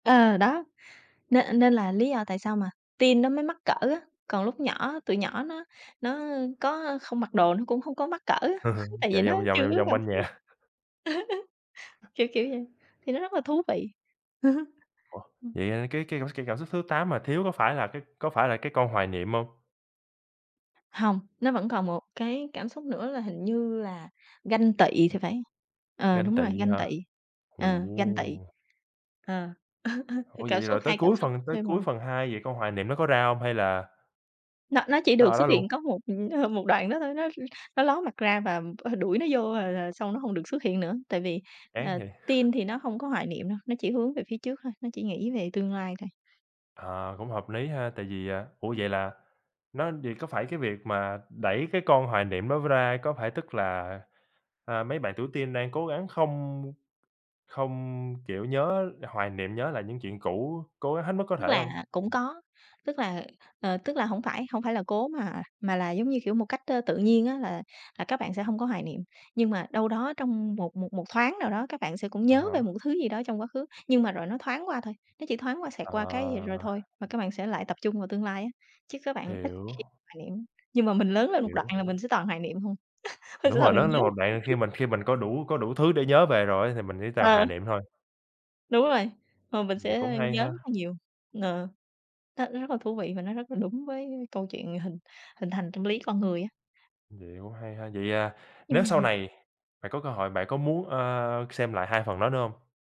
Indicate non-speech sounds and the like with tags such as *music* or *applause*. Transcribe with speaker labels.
Speaker 1: Ờ, đó, nên nên là lý do tại sao mà teen nó mới mắc cỡ á, còn lúc nhỏ tụi nhỏ nó nó có, ơ, không mặc đồ nó cũng không có mắc cỡ á, *chuckles*
Speaker 2: *chuckles*
Speaker 1: tại vì
Speaker 2: Chạy
Speaker 1: nó
Speaker 2: vòng vòng,
Speaker 1: chưa
Speaker 2: vòng
Speaker 1: có
Speaker 2: vòng
Speaker 1: cảm
Speaker 2: quanh
Speaker 1: xúc đó.
Speaker 2: nhà.
Speaker 1: *chuckles* Kiểu kiểu vậy, thì nó rất là thú vị. *chuckles*
Speaker 2: Ủa,
Speaker 1: Ừm.
Speaker 2: vậy, à, cái cái *unintelligible* cảm xúc thứ 8 mà thiếu có phải là cái có phải là cái con hoài niệm hông?
Speaker 1: Hông, nó vẫn còn một cái cảm xúc nữa là hình như là ganh tị thì phải, ờ,
Speaker 2: Ganh
Speaker 1: đúng rồi,
Speaker 2: tị
Speaker 1: ganh
Speaker 2: hả?
Speaker 1: tị,
Speaker 2: Ồ.
Speaker 1: ờ, ganh tị. Ờ, *chuckles* c
Speaker 2: Ủa,
Speaker 1: cảm
Speaker 2: vậy
Speaker 1: xúc
Speaker 2: rồi tới
Speaker 1: hai cảm
Speaker 2: cuối
Speaker 1: xúc
Speaker 2: phần tới
Speaker 1: thêm
Speaker 2: cuối
Speaker 1: mà.
Speaker 2: phần 2 vậy con hoài niệm nó có ra hông hay là
Speaker 1: Nó nó chỉ
Speaker 2: nó
Speaker 1: được
Speaker 2: ở
Speaker 1: xuất
Speaker 2: đó luôn?
Speaker 1: hiện có một, ờ, một đoạn đó thôi, nó nó ló mặt ra và, ơ, đuổi nó vô, rồi rồi xong nó hông được xuất hiện nữa, tại vì,
Speaker 2: Chán
Speaker 1: ờ,
Speaker 2: hè.
Speaker 1: teen thì nó không có hoài niệm đâu, nó chỉ hướng về phía trước thôi, nó chỉ nghĩ về tương lai thôi.
Speaker 2: Ờ, cũng hợp lý ha, tại vì, à ủa, vậy là nó vậy có phải cái việc mà đẩy cái con hoài niệm đó ra, có phải tức là, a, mấy bạn tuổi teen đang cố gắng không không, kiểu, nhớ, hoài niệm nhớ lại những chuyện cũ, cố gắng hết mức có
Speaker 1: Tức
Speaker 2: thể hông?
Speaker 1: là cũng có, tức là, ờ, tức là hổng phải, hổng phải là cố mà mà là, giống như kiểu, một cách, ơ, tự nhiên á là là các bạn sẽ hông có hoài niệm. Nhưng mà đâu đó trong một một một thoáng nào đó các bạn sẽ cũng
Speaker 2: À
Speaker 1: nhớ về
Speaker 2: há.
Speaker 1: một thứ gì đó trong quá khứ, nhưng mà rồi nó thoáng qua thôi, nó chỉ thoáng qua, xẹt qua cái rồi
Speaker 2: Ờ.
Speaker 1: thôi, mà các bạn sẽ lại tập trung vào tương lai á, chứ các bạn ít
Speaker 2: Hiểu.
Speaker 1: khi hoài niệm. Nhưng mà mình lớn lên một đoạn
Speaker 2: Hiểu.
Speaker 1: là mình sẽ toàn hoài niệm thôi.
Speaker 2: Đúng
Speaker 1: *chuckles* Là
Speaker 2: rồi,
Speaker 1: mình
Speaker 2: lớn
Speaker 1: nhớ
Speaker 2: lên mà bạn khi mình
Speaker 1: *unintelligible*
Speaker 2: khi mình có đủ có đủ thứ để nhớ về rồi á thì mình chỉ toàn
Speaker 1: Ờ.
Speaker 2: hoài niệm thôi.
Speaker 1: Đúng rồi, ờ, rồi mình
Speaker 2: Vậy cũng
Speaker 1: sẽ
Speaker 2: hay
Speaker 1: nhớ
Speaker 2: ha.
Speaker 1: rất là nhiều. Ờ, đó, nó rất là thú vị và nó rất là đúng với câu chuyện hình hình thành tâm lý con người á.
Speaker 2: Vậy cũng hay ha. Vậy, à, nếu
Speaker 1: Nhưng
Speaker 2: sau
Speaker 1: mà
Speaker 2: này bạn có cơ hội bạn có muốn, ơ, xem lại 2 phần đó nữa hông?